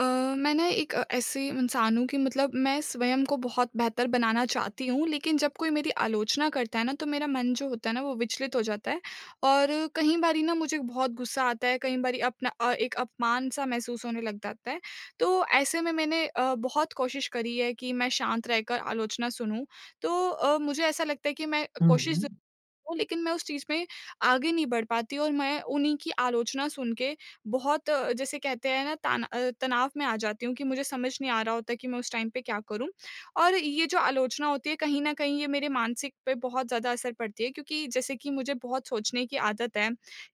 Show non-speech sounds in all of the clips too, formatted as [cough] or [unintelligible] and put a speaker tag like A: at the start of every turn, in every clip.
A: अ, मैं ना एक अ, ऐसे इंसान हूँ कि मतलब मैं स्वयं को बहुत बेहतर बनाना चाहती हूँ। लेकिन, जब कोई मेरी आलोचना करता है ना तो मेरा मन जो होता है ना वो विचलित हो जाता है। और कई बारी ना मुझे बहुत गुस्सा आता है, कई बारी अपना अ, एक अपमान-सा महसूस होने लग जाता है। तो ऐसे में मैंने अ, बहुत कोशिश करी है कि मैं शांत रहकर आलोचना सुनूँ। तो अ, मुझे ऐसा लगता है कि मैं
B: हुँ,
A: कोशिश ज़
B: हुँ।
A: [unintelligible] लेकिन मैं उस चीज़ में आगे नहीं बढ़ पाती और मैं उन्हीं की आलोचना सुन के बहुत अ, जैसे कहते हैं ना ताना अ, तनाव में आ जाती हूँ कि मुझे समझ नहीं आ रहा होता कि मैं उस टाइम पे क्या करूँ। और ये जो आलोचना होती है, कहीं न कहीं ये मेरे मानसिक पे बहुत ज़्यादा असर पड़ती है क्योंकि जैसे कि मुझे बहुत सोचने की आदत है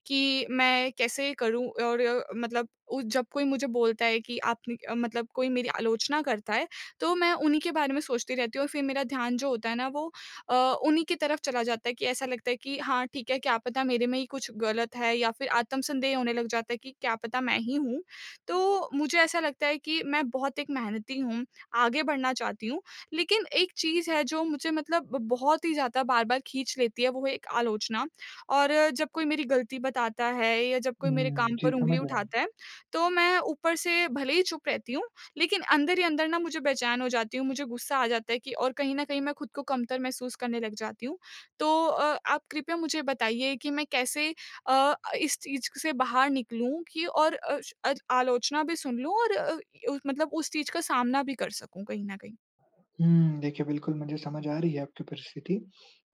A: कि मैं कैसे करूँ और मतलब उ जब कोई मुझे बोलता है कि आपने क मतलब कोई मेरी आलोचना करता है तो मैं उन्हीं के बारे में सोचती रहती हूँ और फ़िर मेरा ध्यान जो होता है ना वो अ, उन्हीं की तरफ़ चला जाता है कि ऐसा लगता है कि हाँ ठीक है क्या पता मेरे में ही कुछ ग़लत है या फ़िर आत्मसन्देह होने लग जाता है कि क्या पता मैं ही हूँ। तो मुझे ऐसा लगता है कि मैं बहुत एक मेहनती हूँ, आगे बढ़ना चाहती हूँ। लेकिन एक चीज़ है जो मुझे मतलब ब बहुत ही ज़्यादा बार-बार खींच लेती है वो है एक आलोचना। और जब कोई मेरी ग़लती बताता है या जब कोई मेरे
B: हुँ।
A: काम
B: जी,
A: पर उँगली
B: समझ रहा हूँ।
A: उठाता है तो मैं ऊपर से भले ही चुप रहती हूँ, लेकिन अंदर ही अंदर ना मुझे बेचैन हो जाती हूँ, मुझे गुस्सा आ जाता है कि और कहीं न कहीं मैं ख़ुद को कमतर महसूस करने लग जाती हूँ। तो अ, आप कृपया मुझे बताइए कि मैं कैसे अ, इस चीज़ से बाहर निकलूँ कि और अ अ, आलोचना भी सुन लूँ और अ अ, मतलब उस चीज़ का सामना भी कर सकूँ कहीं न कहीं?
B: हुँ देखिए, बिल्कुल मुझे समझ आ रही है आपकी परिस्थिति।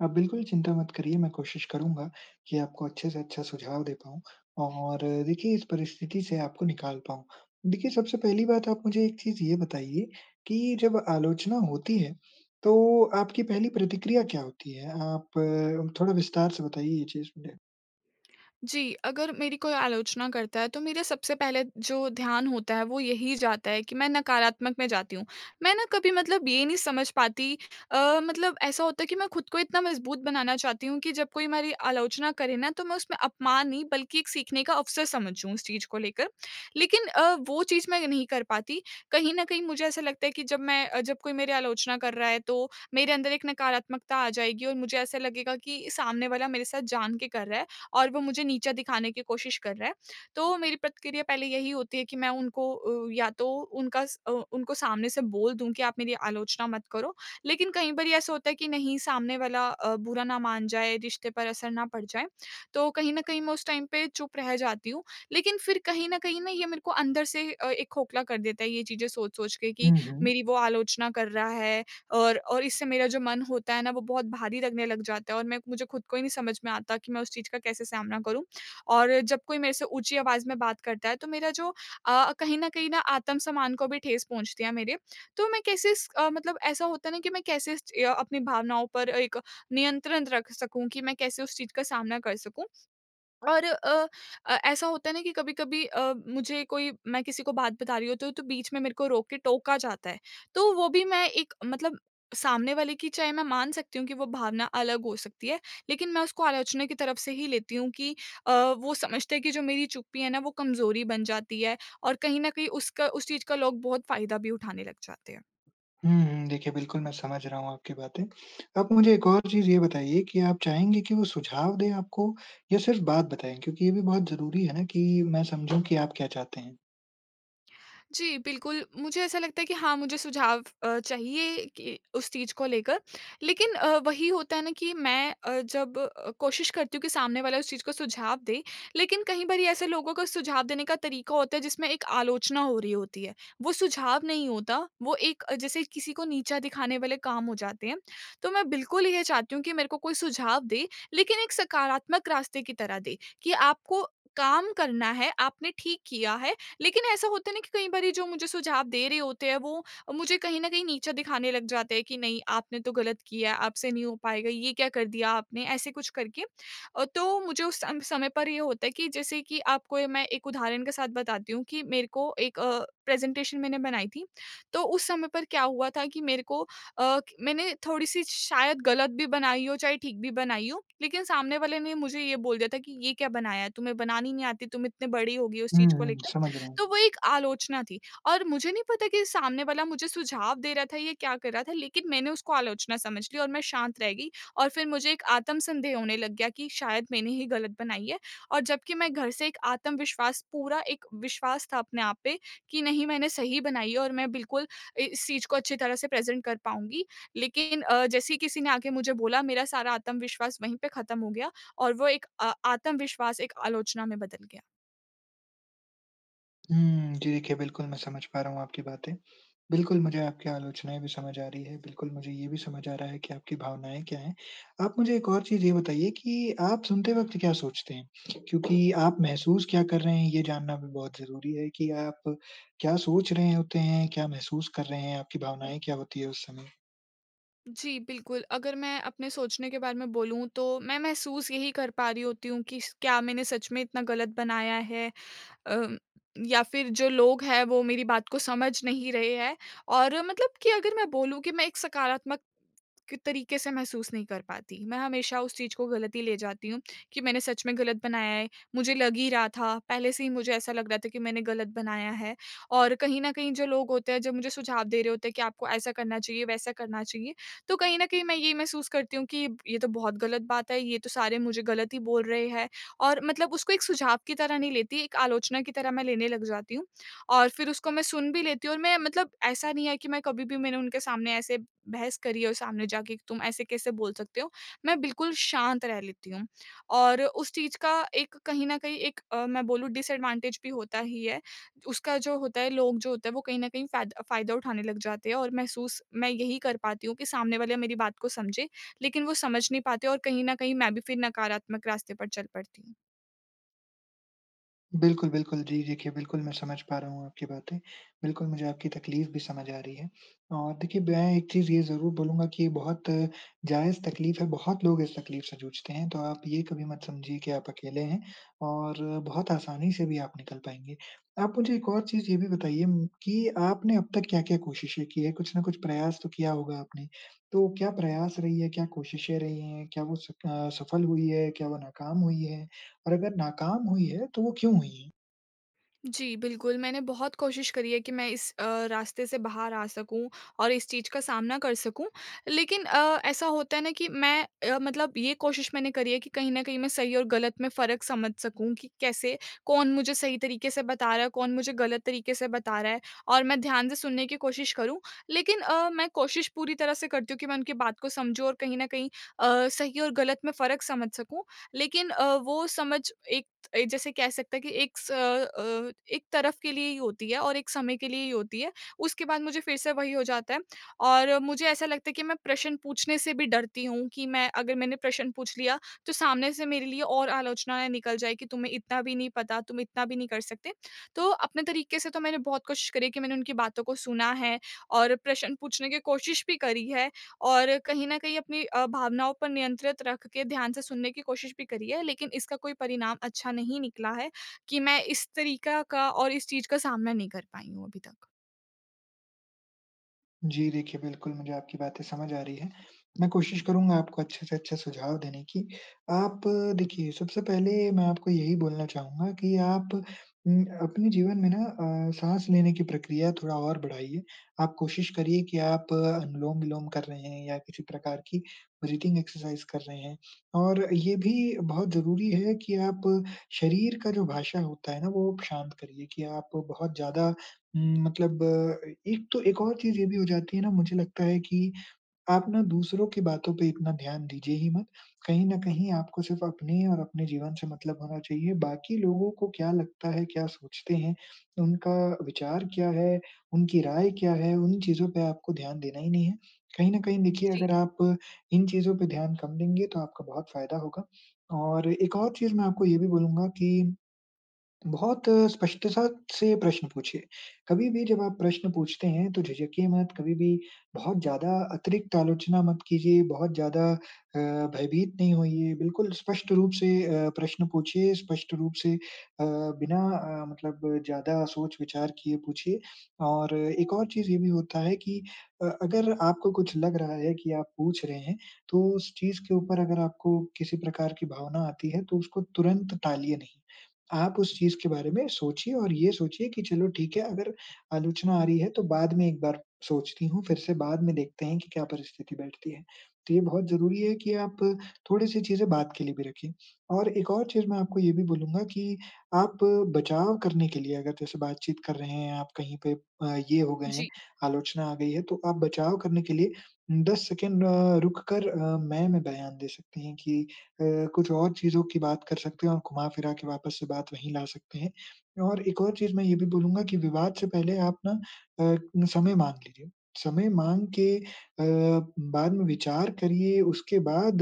B: आप बिल्कुल चिंता मत करिए मैं कोशिश करूँगा कि आपको अच्छे से अच्छा सुझाव दे पाऊँ और देखिए इस परिस्थिति से आपको निकाल पाऊँ। देखिए सबसे पहली बात आप मुझे एक चीज़ ये बताइए कि जब आलोचना होती है, तो आपकी पहली प्रतिक्रिया क्या होती है? आप थोड़ा विस्तार से बताइए ये चीज़। ड
A: जी। अगर मेरी कोई आलोचना करता है तो मेरा सबसे पहले जो ध्यान होता है वो यही जाता है कि मैं नकारात्मक में जाती हूँ। मैं ना कभी मतलब ये नहीं समझ पाती अ, मतलब ऐसा होता है कि मैं ख़ुद को इतना मजबूत बनाना चाहती हूँ कि जब कोई हमारी आलोचना करे ना तो मैं उसमें अपमान नहीं बल्कि एक सीखने का अवसर समझूँ उस चीज़ को लेकर। लेकिन, अ, वो चीज़ मैं नहीं कर पाती। कहीं न कहीं मुझे ऐसा लगता है कि जब मैं जब कोई मेरी आलोचना कर रहा है तो मेरे अंदर एक नकारात्मकता आ जाएगी और मुझे ऐसा लगेगा कि सामने वाला मेरे साथ जान के कर रहा है और वो मुझे नीचा दिखाने की कोशिश कर रहा है। तो मेरी प्रतिक्रिया पहले यही होती है कि मैं उनको उ या तो उनका स अ, उनको सामने से बोल दूँ कि आप मेरी आलोचना मत करो। लेकिन कई बार ऐसा होता है कि नहीं सामने वाला अ, बुरा ना मान जाए, रिश्ते पर असर ना पड़ जाए। तो कहीं न कहीं मैं उस टाइम पे चुप रह जाती हूँ। लेकिन फ़िर कहीं न कहीं ना ये मेरे को अंदर से अ, एक खोखला कर देता है ये चीज़ें सोच-सोच के कि
B: हुँ, हुँ।
A: मेरी वो आलोचना कर रहा है और और इससे मेरा जो मन होता है ना वो बहुत भारी लगने लग जाता है और मैं मुझे ख़ुद को ही नहीं समझ में आता कि मैं उस चीज़ का कैसे सामना करूँ। और जब कोई मेरे से ऊँची आवाज़ में बात करता है तो मेरा जो अ, कहीं न कहीं ना आत्मसम्मान को भी ठेस पहुँचती है मेरे। तो मैं कैसे इस अ, मतलब ऐसा होता है ना कि मैं कैसे इस च अपनी भावनाओं पर एक नियंत्रण रख सकूँ कि मैं कैसे उस चीज़ का सामना कर सकूँ। और अ अ, ऐसा होता है ना कि कभी-कभी अ, मुझे कोई मैं किसी को बात बता रही हूँ तो तो बीच में मेरे को रोक के टोका जाता है। तो वो भी मैं एक मतलब सामने वाले की चाहे मैं मान सकती हूँ कि वो भावना अलग हो सकती है, लेकिन मैं उसको आलोचना की तरफ़ से ही लेती हूँ कि अ, वो समझते हैं कि जो मेरी चुप्पी है न वो कमज़ोरी बन जाती है और कहीं न कहीं उसका उस चीज़ का लोग बहुत फ़ायदा भी उठाने लग जाते हैं।
B: हुँ, हुँ। देखिए बिल्कुल मैं समझ रहा हूँ आपकी बातें। आप मुझे एक और चीज़ ये बताइए कि आप चाहेंगे कि वो सुझाव दे आपको या सिर्फ़ बात बताएँ? क्योंकि ये भी बहुत ज़रूरी है ना कि मैं समझूँ कि आप क्या चाहते हैं?
A: जी, बिल्कुल। मुझे ऐसा लगता है कि हाँ मुझे सुझाव अ, चाहिए कि उस चीज़ को लेकर। लेकिन, अ, वही होता है ना कि मैं अ, जब अ, कोशिश करती हूँ कि सामने वाला उस चीज़ को सुझाव दे, लेकिन कई बारी ऐसे लोगों का सुझाव देने का तरीका होता है जिसमें एक आलोचना हो रही होती है। वो सुझाव नहीं होता, वो एक अ, जैसे किसी को नीचा दिखाने वाले काम हो जाते हैं। तो मैं बिल्कुल ये चाहती हूँ कि मेरे को कोई सुझाव दें लेकिन एक सकारात्मक रास्ते की तरह दे, कि आपको काम करना है, आपने ठीक किया है। लेकिन ऐसा होता है ना कि कई बारी जो मुझे सुझाव दे रहे होते हैं वो मुझे कहीं न कहीं नीचा दिखाने लग जाते हैं कि नहीं आपने तो ग़लत किया है, आपसे नहीं हो पाएगा, ये क्या कर दिया आपने ऐसे कुछ करके। अ, तो मुझे उस सम समय पर ये होता है कि जैसे कि आपको मैं एक उदाहरण के साथ बताती हूँ, कि मेरे को एक अ, प्रेज़ेंटेशन मैंने बनाई थी। तो उस समय पर क्या हुआ था कि मेरे को अ, क मैंने थोड़ी-सी शायद ग़लत भी बनाई हो, चाहे ठीक भी बनाई हो, लेकिन सामने वाले ने मुझे ये बोल दिया था कि ये क्या बनाया है, तुम्हें बनानी नहीं आती, तुम इतनी बड़ी हो गई हो उस
B: हुँ,
A: चीज़ को
B: हुँ।
A: लेकर।
B: समझ रहा हूँ।
A: तो वो एक आलोचना थी और मुझे नहीं पता कि सामने वाला मुझे सुझाव दे रहा था या क्या कर रहा था लेकिन मैंने उसको आलोचना समझ ली और मैं शांत रह गई और फ़िर मुझे एक आत्मसंदेह होने लग गया कि शायद मैंने ही ग़लत बनाई है। और जबकि मैं घर से एक आत्मविश्वास पूरा एक विश्वास था अपने आप पे कि नहीं मैंने सही बनाई है और मैं बिल्कुल इ इस चीज़ को अच्छी तरह से प्रेज़ेंट कर पाऊँगी। लेकिन अ, जैसे ही किसी ने आके मुझे बोला मेरा सारा आत्मविश्वास वहीं पे ख़त्म हो गया और वो एक अ आत्मविश्वास एक आलोचना में बदल गया।
B: हुँ। जी, देखिए बिल्कुल मैं समझ पा रहा हूँ आपकी बातें। बिल्कुल, मुझे आपकी आलोचनाएँ भी समझ आ रही हैं। बिल्कुल, मुझे ये भी समझ आ रहा है कि आपकी भावनाएँ क्या हैं। आप मुझे एक और चीज़ ये बताइए कि आप सुनते वक़्त क्या सोचते हैं क्योंकि आप महसूस क्या कर रहे हैं, ये जानना भी बहुत ज़रूरी है कि आप क्या सोच रहे होते हैं? क्या महसूस कर रहे हैं? आपकी भावनाएँ क्या होती हैं उस समय?
A: जी, बिल्कुल, अगर मैं अपने सोचने के बारे में बोलूँ तो मैं महसूस यही कर पा रही होती हूँ कि स क्या मैंने सच में इतना ग़लत बनाया है। अ, या फ़िर जो लोग हैं वो मेरी बात को समझ नहीं रहे हैं। और मतलब कि अगर मैं बोलूँ कि मैं एक सकारात्मक तरीके से महसूस नहीं कर पाती। मैं हमेशा उस चीज़ को ग़लत ही ले जाती हूँ कि मैंने सच में ग़लत बनाया है, मुझे लग ही रहा था। पहले से ही मुझे ऐसा लग रहा था कि मैंने ग़लत बनाया है और कहीं न कहीं जो लोग होते हैं जो मुझे सुझाव दे रहे होते हैं कि आपको ऐसा करना चाहिए, वैसा करना चाहिए। तो कहीं न कहीं मैं ये महसूस करती हूँ कि ये तो बहुत ग़लत बात है। ये तो सारे मुझे ग़लत ही बोल रहे हैं और मतलब उसको एक सुझाव की तरह नहीं लेती, एक आलोचना की तरह मैं लेने लग जाती हूँ और फ़िर उसको मैं सुन भी लेती हूँ और मैं मतलब ऐसा नहीं है कि मैं कभी भी मैंने उनके सामने ऐसे बहस करी है और सामने जाके तुम ऐसे कैसे बोल सकते हो। मैं बिल्कुल शांत रह लेती हूँ और उस चीज़ का एक कहीं न कहीं एक अ, मैं बोलूँ डिसएडवांटेज भी होता ही है। उसका जो होता है, लोग जो होते हैं वो कहीं न कहीं फ़ायदा फ़ायदा उठाने लग जाते हैं और महसूस मैं यही कर पाती हूँ कि सामने वाले मेरी बात को समझे। लेकिन वो समझ नहीं पाते और कहीं न कहीं मैं भी फ़िर नकारात्मक रास्ते पर चल पड़ती हूँ।
B: बिल्कुल, बिल्कुल जी देखिए बिल्कुल मैं समझ पा रहा हूँ आपकी बातें। बिल्कुल मुझे आपकी तकलीफ़ भी समझ आ रही है। और देखिए मैं एक चीज़ ये ज़रूर बोलूँगा कि बहुत जायज़ तकलीफ़ है बहुत लोग इस तकलीफ़ से जूझते हैं। तो आप ये कभी मत समझिए कि आप अकेले हैं और बहुत आसानी से भी आप निकल पाएँगे। आप मुझे एक और चीज़ ये भी बताइए उम, कि आपने अब तक क्या-क्या कोशिशें की है कुछ न कुछ प्रयास तो किया होगा आपने। तो क्या प्रयास रही हैं, क्या कोशिशें रही हैं? क्या वो स अ, सफ़ल हुई हैं? क्या वो नाकाम हुई हैं? और अगर नाकाम हुई है तो वो क्यों हुई हैं?
A: जी, बिल्कुल। मैंने बहुत कोशिश करी है कि मैं इस अ, रास्ते से बाहर आ सकूँ। और इस चीज़ का सामना कर सकूँ। लेकिन अ, ऐसा होता है ना? कि मैं अ, मतलब ये कोशिश मैंने करी है कि कहीं न कहीं मैं सही और ग़लत में फ़र्क समझ सकूँ कि कैसे कौन मुझे सही तरीक़े से बता रहा है, कौन मुझे ग़लत तरीक़े से बता रहा है और मैं ध्यान से सुनने की कोशिश करूँ। लेकिन अ, मैं कोशिश पूरी तरह से करती हूँ कि मैं उनकी बात को समझूँ और कहीं न कहीं अ, सही और ग़लत में फ़र्क समझ सकूँ। लेकिन अ, वो समझ एक त अ, जैसे कह सकते हैं कि एक स अ, एक तरफ़ के लिए ही होती है। और एक समय के लिए ही होती है। उसके बाद मुझे फ़िर से वही हो जाता है। और मुझे ऐसा लगता है कि मैं प्रश्न पूछने से भी डरती हूँ कि मैं अगर मैंने प्रश्न पूछ लिया तो सामने से मेरे लिए और आलोचनाएँ निकल जाएँगी। तुम्हें इतना भी नहीं पता, तुम इतना भी नहीं कर सकते। तो अपने तरीके से तो मैंने बहुत कोशिश करी कि मैंने उनकी बातों को सुना है और प्रश्न पूछने की कोशिश भी करी है। और कहीं न कहीं अपनी अ, भावनाओं पर नियंत्रित रख के ध्यान से सुनने की कोशिश भी करी है। लेकिन इसका कोई परिणाम अच्छा नहीं निकला है कि मैं इस तरीक़ा का और इस चीज़ का सामना नहीं कर पाई हूँ अभी तक।
B: जी, देखिए बिल्कुल मुझे आपकी बातें समझ आ रही हैं, मैं कोशिश करूँगा आपको अच्छे से अच्छे सुझाव देने की। आप देखिए सबसे पहले मैं आपको यही बोलना चाहूँगा कि आप उम, अपने जीवन में ना अ, साँस लेने की प्रक्रिया थोड़ा और बढ़ाइए। आप कोशिश करिए कि आप अनुलोम-विलोम कर रहे हैं या किसी प्रकार की ब्रीथिंग एक्सरसाइज़ कर रहे हैं। और ये भी बहुत ज़रूरी है कि आप शरीर का जो भाषा होता है ना वो शांत करिए कि आप बहुत ज़्यादा म मतलब ए एक तो एक और चीज़ ये भी हो जाती है ना मुझे लगता है कि आप ना दूसरों की बातों पे इतना ध्यान दीजिए ही मत। कहीं न कहीं आपको सिर्फ़ अपने और अपने जीवन से मतलब होना चाहिए, बाकी लोगों को क्या लगता है, क्या सोचते हैं, उनका विचार क्या है? उनकी राय क्या है? उन चीज़ों पे आपको ध्यान देना ही नहीं है, कहीं न कहीं देखिए
A: जी।
B: अगर आप इन चीज़ों पे ध्यान कम देंगे तो आपका बहुत फ़ायदा होगा। और एक और चीज़ मैं आपको ये भी बोलूँगा कि, बहुत स्पष्टता से प्रश्न पूछिए, कभी भी जब आप प्रश्न पूछते हैं तो झिझकिए मत, कभी भी बहुत ज़्यादा अतिरिक्त आलोचना मत कीजिए। बहुत ज़्यादा अ, भयभीत नहीं होइए बिल्कुल स्पष्ट रूप से अ, प्रश्न पूछिए, स्पष्ट रूप से अ, बिना अ, मतलब ज़्यादा सोच-विचार किए पूछिए और एक और चीज़ ये भी होता है कि अ, अगर आपको कुछ लग रहा है कि आप पूछ रहे हैं तो उस चीज़ के ऊपर अगर आपको किसी प्रकार की भावना आती है तो उसको तुरंत टालिए नहीं। आप उस चीज़ के बारे में सोचिए और ये सोचिए कि चलो ठीक है, अगर आलोचना आ रही है तो बाद में एक बार सोचती हूँ। फिर से बाद में देखते हैं कि क्या परिस्थिति बैठती है, तो ये बहुत ज़रूरी है कि आप अ, थोड़ी-सी चीज़ें बाद के लिए भी रखिए। और एक और चीज़ मैं आपको ये भी बोलूँगा कि आप बचाव करने के लिए अगर जैसे बातचीत कर रहे हैं आप कहीं पे ये हो गए हैं,
A: जी।
B: आलोचना आ गई है, तो आप बचाव करने के लिए 10 सेकंड अ, रुक कर अ, मैं, में बयान दे सकती हैं कि अ, कुछ और चीज़ों की बात कर सकते हैं और घुमा-फिरा के वापस से बात वहीं ला सकते हैं और एक और चीज मैं ये भी बोलूँगा कि विवाद से पहले आप ना अ, समय माँग लीजिए। समय माँग के अ, बाद में विचार करिए उसके बाद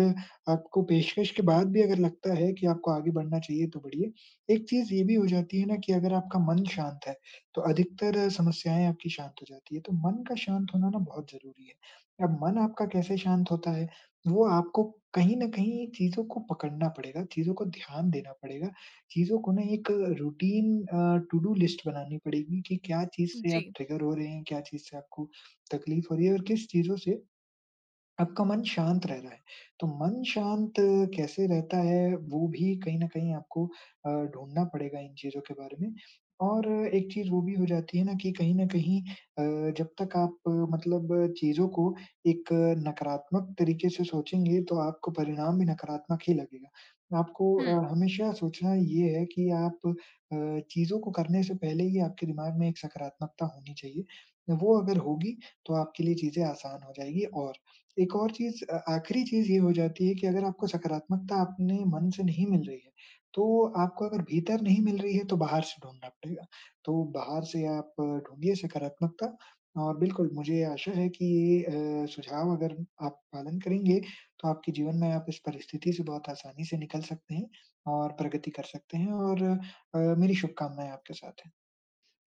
B: आपको पेशकश के बाद भी अगर लगता है कि आपको आगे बढ़ना चाहिए तो बढ़िए। एक चीज़ ये भी हो जाती है ना, कि अगर आपका मन शांत है तो अधिकतर समस्याएंँ आपकी शांत हो जाती हैं, तो मन का शांत होना ना बहुत ज़रूरी है। अब मन आपका कैसे शांत होता है, वो आपको कहीं न कहीं चीज़ों को पकड़ना पड़ेगा, चीज़ों को ध्यान देना पड़ेगा। चीज़ों को ना एक रूटीन अ, टू डू लिस्ट बनानी पड़ेगी कि क्या चीज़ से आप
A: जी।
B: ट्रिगर हो रहे हैं, क्या चीज़ से आपको तकलीफ हो रही है और किस चीज़ों से आपका मन शांत रह रहा है? तो मन शांत कैसे रहता है वो भी कहीं न कहीं आपको अ, ढूँढ़ना पड़ेगा इन चीज़ों के बारे में। और एक चीज़ वो भी हो जाती है ना कि कहीं न कहीं अ, जब तक आप मतलब चीज़ों को एक नकारात्मक तरीके से सोचेंगे तो आपको परिणाम भी नकारात्मक ही लगेगा। तो आपको
A: हुँ।
B: अ, हमेशा सोचना ये है कि आप अ, चीज़ों को करने से पहले ही आपके दिमाग में एक सकारात्मकता होनी चाहिए। वो अगर होगी तो आपके लिए चीज़ें आसान हो जाएँगी और एक और चीज़ अ, आखिरी चीज़ ये हो जाती है कि, अगर आपको सकारात्मकता अपने मन से नहीं मिल रही है तो आपको अगर भीतर नहीं मिल रही है तो बाहर से ढूँढ़ना पड़ेगा। तो बाहर से आप ढूँढिए सकारात्मकता और बिल्कुल मुझे आशा है कि ये अ, सुझाव अगर आप पालन करेंगे तो आपके जीवन में आप इस परिस्थिति से बहुत आसानी से निकल सकते हैं और प्रगति कर सकते हैं और अ, मेरी शुभकामनाएँ आपके साथ हैं।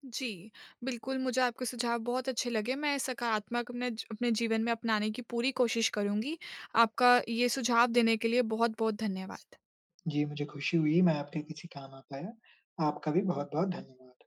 A: जी। बिल्कुल मुझे आपके सुझाव बहुत अच्छे लगे, मैं सकारात्मक अपने ज अपने जीवन में अपनाने की पूरी कोशिश करूँगी। आपका ये सुझाव देने के लिए बहुत-बहुत धन्यवाद।
B: जी, मुझे खुशी हुई मैं आपके किसी काम आ पाया। आपका भी बहुत-बहुत धन्यवाद।